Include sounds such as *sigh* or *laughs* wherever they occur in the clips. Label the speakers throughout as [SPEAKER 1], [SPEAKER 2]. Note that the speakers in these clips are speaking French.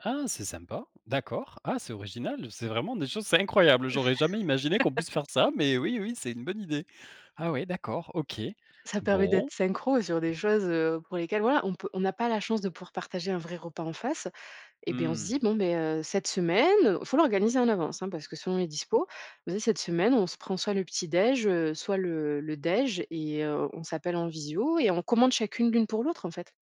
[SPEAKER 1] Ah c'est sympa! D'accord. Ah c'est original, c'est vraiment des choses c'est incroyable, j'aurais jamais imaginé qu'on puisse faire ça, mais oui,
[SPEAKER 2] *laughs*
[SPEAKER 1] oui, c'est une bonne idée! Ah oui d'accord, OK,
[SPEAKER 2] Ça permet
[SPEAKER 1] bon.
[SPEAKER 2] d'être synchro sur des choses, heu, pour lesquelles voilà on peut on a pas la chance de pouvoir partager un vrai repas en face, eh beh, on se
[SPEAKER 1] Mmh.
[SPEAKER 2] dit: «Bon beh, heu, cette semaine», faut l'organiser en avance, hein, parce que selon les dispos: «Vas y cette semaine, on se prend soit le petit déj, heu, soit le le déj et heu, on s'appelle en visio» et on commande chacune l'une pour l'autre en fait.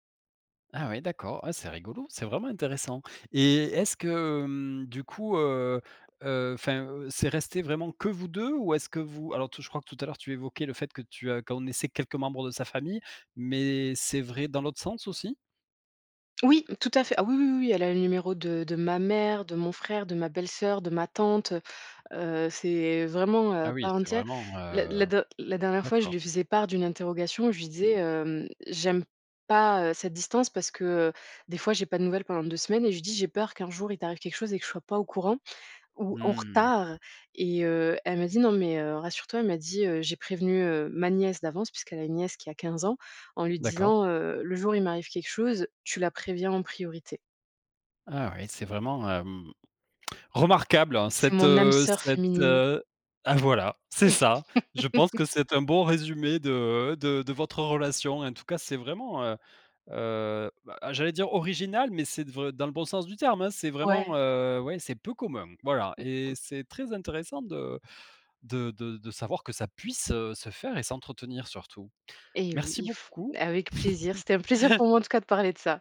[SPEAKER 1] Ah oui d'accord, ah c'est rigolo, c'est vraiment intéressant et est-ce que, hem, du coup, heu heu, enfin, heu, c'est resté vraiment que vous 2? Ou est-ce que vous alors tout je crois que tout à l'heure tu évoquais le fait que tu as connaissais quelques membres de sa famille, mais c'est vrai dans l'autre sens aussi?
[SPEAKER 2] Oui! Tout à fait. Ah oui oui oui oui, elle a le numéro de de ma mère, de mon frère, de ma belle sœur, de ma tante heu. Heu, c'est vraiment, heu,
[SPEAKER 1] Ah
[SPEAKER 2] à
[SPEAKER 1] oui,
[SPEAKER 2] part
[SPEAKER 1] c'est
[SPEAKER 2] entière.
[SPEAKER 1] vraiment,
[SPEAKER 2] La la
[SPEAKER 1] heu,
[SPEAKER 2] der la dernière fois je
[SPEAKER 1] d'accord.
[SPEAKER 2] lui faisais part d'une interrogation où je lui disais, hem: «J'aime pas, heu, cette distance» parce que, heu, des fois j'ai pas de nouvelles pendant 2 semaines et je lui dis: «J'ai peur qu'un jour il t'arrive quelque chose et que je sois pas au courant, ou en
[SPEAKER 1] Mmh.
[SPEAKER 2] retard» et heu, elle me dit: «Non mais, heu, rassure toi» elle m'a dit, heu: «J'ai prévenu, heu, ma nièce d'avance» puisqu'elle a une nièce qui a 15 ans «en lui
[SPEAKER 1] D'accord.
[SPEAKER 2] disant, heu: "Le jour où il m'arrive quelque chose, tu la préviens en priorité"».
[SPEAKER 1] Ah oui, c'est vraiment, hem, remarquable
[SPEAKER 2] C'est
[SPEAKER 1] cette,
[SPEAKER 2] mon âme
[SPEAKER 1] heu,
[SPEAKER 2] sœur
[SPEAKER 1] cette,
[SPEAKER 2] féminine.
[SPEAKER 1] heu ah voilà! C'est ça! Je pense
[SPEAKER 2] *laughs*
[SPEAKER 1] que c'est un bon résumé de de de votre relation! En tout cas c'est vraiment, heu heu bah ah j'allais dire original, mais c'est de vr dans le bon sens du terme, hein! C'est
[SPEAKER 2] Ouais.
[SPEAKER 1] vraiment, heu, ouais c'est peu commun. Voilà et
[SPEAKER 2] *chuckles*
[SPEAKER 1] c'est très intéressant de de de de savoir que ça puisse, heu, se faire et s'entretenir surtout.
[SPEAKER 2] Et oui,
[SPEAKER 1] Merci
[SPEAKER 2] il faut.
[SPEAKER 1] beaucoup.
[SPEAKER 2] Avec plaisir, c'était un plaisir pour moi
[SPEAKER 1] *chuckles*
[SPEAKER 2] en tout cas de parler de ça!